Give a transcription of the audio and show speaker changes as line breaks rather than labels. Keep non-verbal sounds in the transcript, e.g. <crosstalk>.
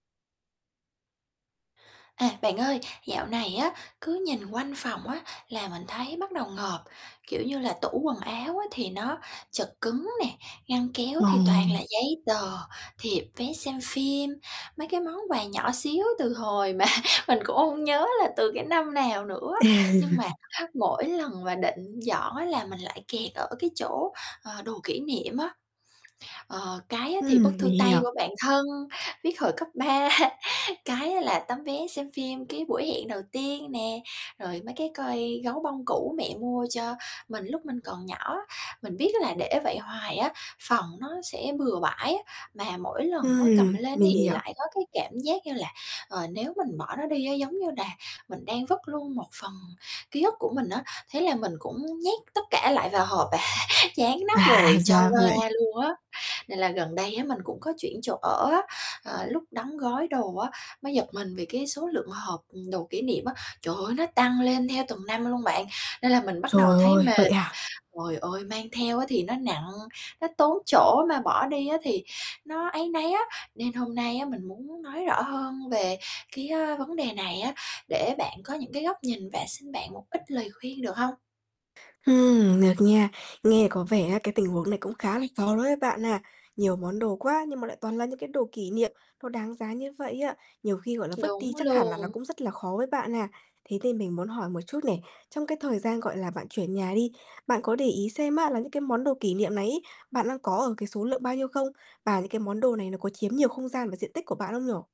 À, bạn ơi, dạo này á, cứ nhìn quanh phòng á, là mình thấy bắt đầu ngộp, kiểu như là, tủ quần áo á, thì nó chật cứng nè, ngăn kéo thì toàn
Ờm.
là giấy tờ, thiệp, vé xem phim, mấy cái món quà nhỏ xíu từ hồi mà mình cũng hông nhớ là từ cái năm nào nữa.
À.
Nhưng mà
<chuckles>
ha, mỗi lần mà định dọn á là mình lại kẹt ở cái chỗ, ờ, đồ kỷ niệm á, ờ, cái á thì
Ừm,
bức
mình
thư tay của
hiểu.
bạn thân, viết hồi cấp 3, cái á là tấm vé xem phim cái buổi hẹn đầu tiên nè, rồi mấy cái coi gấu bông cũ mẹ mua cho mình lúc mình còn nhỏ. Mình biết á là để vậy hoài á, phòng nó sẽ bừa bãi á, mà mỗi lần á cầm
Ừm,
lên thì
mình hiểu.
lại có cái cảm giác như là, ờ, nếu mình bỏ nó đi á, giống như là mình đang vứt luôn một phần ký ức của mình á, thế là mình cũng nhét tất cả lại vào hộp à, dán nắp
À,
rồi cho
ra vậy.
qua luôn á. Nên là gần đây á, mình cũng có chuyển chỗ ở á, ờ, lúc đóng gói đồ á, mới giật mình vì cái số lượng hộp, ừm, đồ kỷ niệm á, trời ơi, nó tăng lên theo từng năm luôn bạn, nên là mình bắt đầu
Trời
thấy
ơi, vậy
mệt,
à?
trời ơi, mang theo á thì nó nặng, nó tốn chỗ mà bỏ đi á thì nó áy náy á. Nên hôm nay á, mình muốn nói rõ hơn về cái, ơ, vấn đề này á, để bạn có những cái góc nhìn và xin bạn một ít lời khuyên được hông?
Ừm, được nha. Nghe có vẻ á, cái tình huống này cũng khá là khó đối với bạn ha, nhiều món đồ quá nhưng mà lại toàn là những cái đồ kỷ niệm nó đáng giá như vậy á, nhiều khi, gọi là, vứt
Đúng
đi, chắc hẳn là nó
luôn.
cũng rất là khó với bạn ha. Thế nên mình muốn hỏi một chút này, trong cái thời gian, gọi là, bạn chuyển nhà đi, bạn có để ý xem á là những cái món đồ kỷ niệm này ấy, bạn đang có ở cái số lượng bao nhiêu không? Và những cái món đồ này nó có chiếm nhiều không gian và diện tích của bạn không nhỉ?